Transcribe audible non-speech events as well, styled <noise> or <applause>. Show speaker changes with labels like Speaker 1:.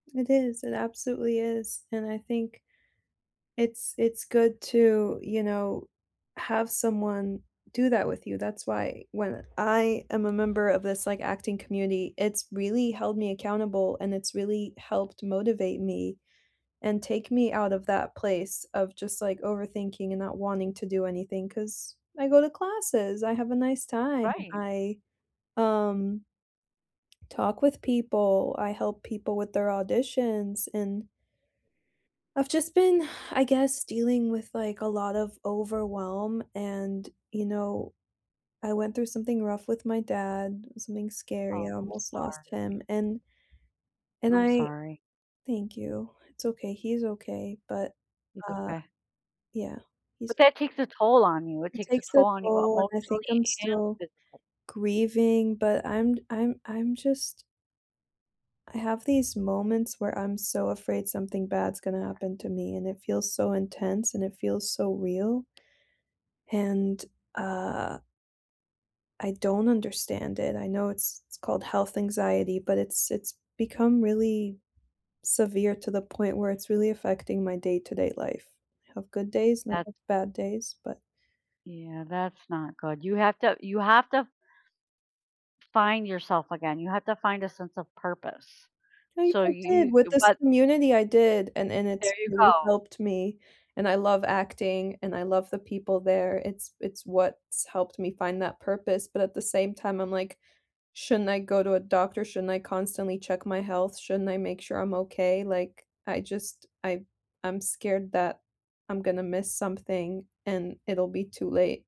Speaker 1: It is, it absolutely is, and I think it's it's good to, you know, have someone do that with you, that's why when I am a member of this like acting community, it's really held me accountable and it's really helped motivate me and take me out of that place of just like overthinking and not wanting to do anything cause I go to classes, I have a nice time,
Speaker 2: Right.
Speaker 1: I um, talk with people, I help people with their auditions and I've just been, <sighs> I guess, dealing with like a lot of overwhelm and, you know, I went through something rough with my dad, something scary,
Speaker 2: Oh,
Speaker 1: I
Speaker 2: I'm
Speaker 1: almost lost
Speaker 2: sorry.
Speaker 1: him and and
Speaker 2: I'm
Speaker 1: I
Speaker 2: sorry.
Speaker 1: thank you. It's okay, he's okay, but,
Speaker 2: He's
Speaker 1: uh,
Speaker 2: okay.
Speaker 1: yeah, he's
Speaker 2: But that takes a toll on you, it
Speaker 1: It
Speaker 2: takes a
Speaker 1: takes a
Speaker 2: toll on you
Speaker 1: toll and I think
Speaker 2: emotionally
Speaker 1: I'm still
Speaker 2: and physically.
Speaker 1: grieving, but I'm d I'm I'm just I have these moments where I'm so afraid something bad's gonna happen to me and it feels so intense and it feels so real and, uh I don't understand it. I know it's it's called health anxiety, but it's, it's become really severe to the point where it's really affecting my day-to-day life. I have good days, and I
Speaker 2: That's
Speaker 1: have bad days, but
Speaker 2: Yeah, that's not good. You have to, you have to find yourself again. You have to find a sense of purpose.
Speaker 1: I
Speaker 2: So
Speaker 1: I did
Speaker 2: you
Speaker 1: with
Speaker 2: uh,
Speaker 1: this
Speaker 2: what
Speaker 1: community, I did, and and
Speaker 2: There
Speaker 1: it's
Speaker 2: you
Speaker 1: really
Speaker 2: go.
Speaker 1: helped me and I love acting and I love the people there, it's it's what's helped me find that purpose, but at the same time, I'm like, shouldn't I go to a doctor? Shouldn't I constantly check my health? Shouldn't I make sure I'm okay? Like, I just, I I'm scared that I'm gonna miss something and it'll be too late.